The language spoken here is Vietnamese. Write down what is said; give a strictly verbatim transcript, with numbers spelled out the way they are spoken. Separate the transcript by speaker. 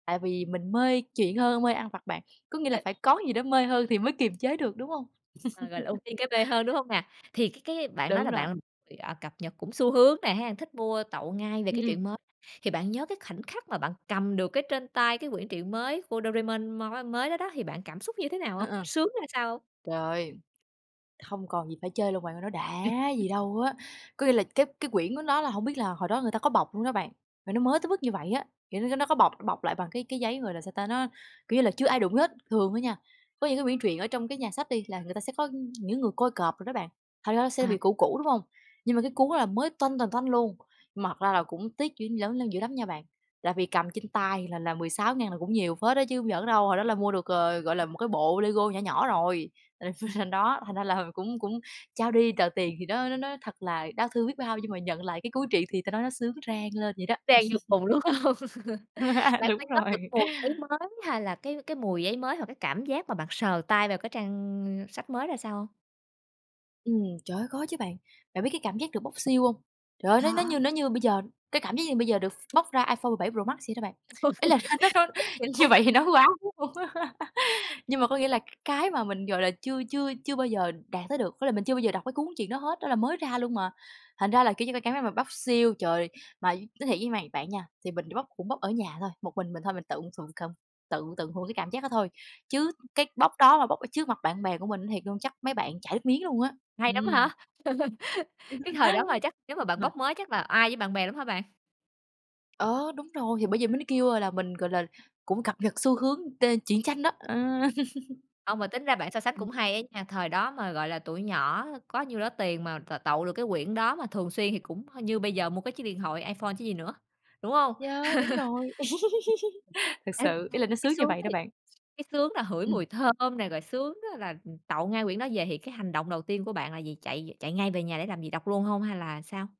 Speaker 1: Tại vì mình mê truyện hơn mê ăn vặt bạn, có nghĩa là
Speaker 2: [unintelligible]
Speaker 1: phải có gì đó mê hơn thì mới kiềm chế được, đúng hông?
Speaker 2: À, gọi là, ưu tiên cái mê hơn, đúng hông nè? Thì cái cái á bạn nói
Speaker 1: Đúng
Speaker 2: là
Speaker 1: rồi.
Speaker 2: bạn, ừm, à, cập nhật cũng xu hướng nè ha, thích mua tậu ngay về
Speaker 1: Ừm,
Speaker 2: cái
Speaker 1: ừm.
Speaker 2: truyện mới, thì bạn nhớ cái khoảnh khắc mà bạn cầm được cái trên tay cái quyển truyện mới của đô rê mênh mon mới đó đó, thì bạn cảm xúc như thế nào
Speaker 1: Ờ,
Speaker 2: hông?
Speaker 1: ờ.
Speaker 2: Sướng ra sao hông?
Speaker 1: Trời, hông còn gì phải chê luôn bạn ơi, nó đã gì
Speaker 2: [unintelligible]
Speaker 1: đâu á! Có nghĩa là cái cái quyển của nó là hổng biết là hồi đó người ta có bọc luôn đó bạn, mà nó mới tới mức như vậy á, kiểu như, nó có bọc, nó bọc lại bằng cái cái giấy, gọi là, sao ta? Nó, kiểu như là, chưa ai đụng vô hết. Thường á nha, có những cái quyển truyện ở trong cái nhà sách đi, là người ta sẽ có, ưm, những người coi cọp đồ đó bạn, thành ra nó sẽ
Speaker 2: À.
Speaker 1: bị cũ cũ, đúng hông? Nhưng mà cái cuốn đó là mới toanh toành toanh luôn, mà thật ra là cũng tiếc [unintelligible] dữ lắm nha bạn là vì cầm trên tay là là mười sáu ngàn là cũng nhiều phết á chứ hông giỡn đâu, hồi đó là mua được, ờ, gọi là, một cái bộ Lego nhỏ nhỏ rồi, thành [unintelligible] thành đó, thành ra là cũng cũng trao đi tờ tiền thì nó nó nó thật là đau thương biết bao nhưng mà nhận lại cái cuốn truyện thì ta nói nó sướng rang lên vậy đó.
Speaker 2: Sang vô cùng, đúng hông? Bạn có
Speaker 1: Đúng
Speaker 2: nhớ được
Speaker 1: rồi.
Speaker 2: cái mùi giấy mới hay là cái cái mùi giấy mới hoặc cái cảm giác mà bạn sờ tay vào cái trang, ưm, sách mới ra sao hông?
Speaker 1: Ừm, trời ơi, có chứ bạn, bạn biết cái cảm giác được bốc seal hông? Trời ơi, nó như nó như
Speaker 2: [unintelligible]
Speaker 1: nó như bây giờ, cái cảm giác như bây giờ được ph bốc ra iPhone 17 Pro Max vậy đó bạn,
Speaker 2: iPhone
Speaker 1: ý là nó nó hơi
Speaker 2: [unintelligible] thiệt luôn
Speaker 1: như vậy
Speaker 2: hả
Speaker 1: thì
Speaker 2: hả?
Speaker 1: nói quá, đúng hông? Nhưng mà có nghĩa là cái mà mình, gọi là, chưa chưa chưa bao giờ đạt tới được, với là mình chưa bao giờ đọc cái cuốn chuyện đó hết, đó là mới ra luôn mà. Thành ra là, kiểu như, cái cảm giác mà bóc seal. Trời, mà nói thiệt với mày bạn nha, thì mình bóc cũng bóc ở nhà thôi, một mình mình thôi, mình tự thụ cầm tự tận hưởng cái cảm giác đó thôi. Chứ cái bóc đó mà bóc ở trước mặt bạn bè của mình nói thiệt luôn, chắc mấy bạn chảy nước miếng luôn á.
Speaker 2: Hay lắm
Speaker 1: Ừm.
Speaker 2: hả? Cái thời đó mà chắc chắn mà bạn bốc
Speaker 1: [unintelligible]
Speaker 2: mới chắc là oai với bạn bè lắm hả bạn?
Speaker 1: Ờ, đúng rồi, thì bởi vậy mới nó kêu, ơ, là mình, gọi là, cũng cập nhật xu hướng tên tuyện tranh đó, ờ.
Speaker 2: Hông, mà tính ra bạn so sánh
Speaker 1: Ừm.
Speaker 2: cũng hay á nha, thời đó mà, gọi là, tuổi nhỏ có nhiêu đó tiền mà t tậu được cái quyển đó mà thường xuyên thì cũng h như bây giờ mua cái chiếc điện thoại iPhone chứ gì nữa, đúng hông?
Speaker 1: Yeah, đúng rồi. Thực sự, ý là nó
Speaker 2: [unintelligible] cái
Speaker 1: sướng như
Speaker 2: sướng
Speaker 1: vậy đó
Speaker 2: thì
Speaker 1: bạn.
Speaker 2: cái sướng là hửi mùi
Speaker 1: Ừm.
Speaker 2: thơm nè, rồi sướng đó là, ừm, tậu ngay quyển đó về thì cái hành động đầu tiên của bạn là gì? Chạy về, chạy ngay về nhà để làm gì? Đọc luôn hông hay là sao?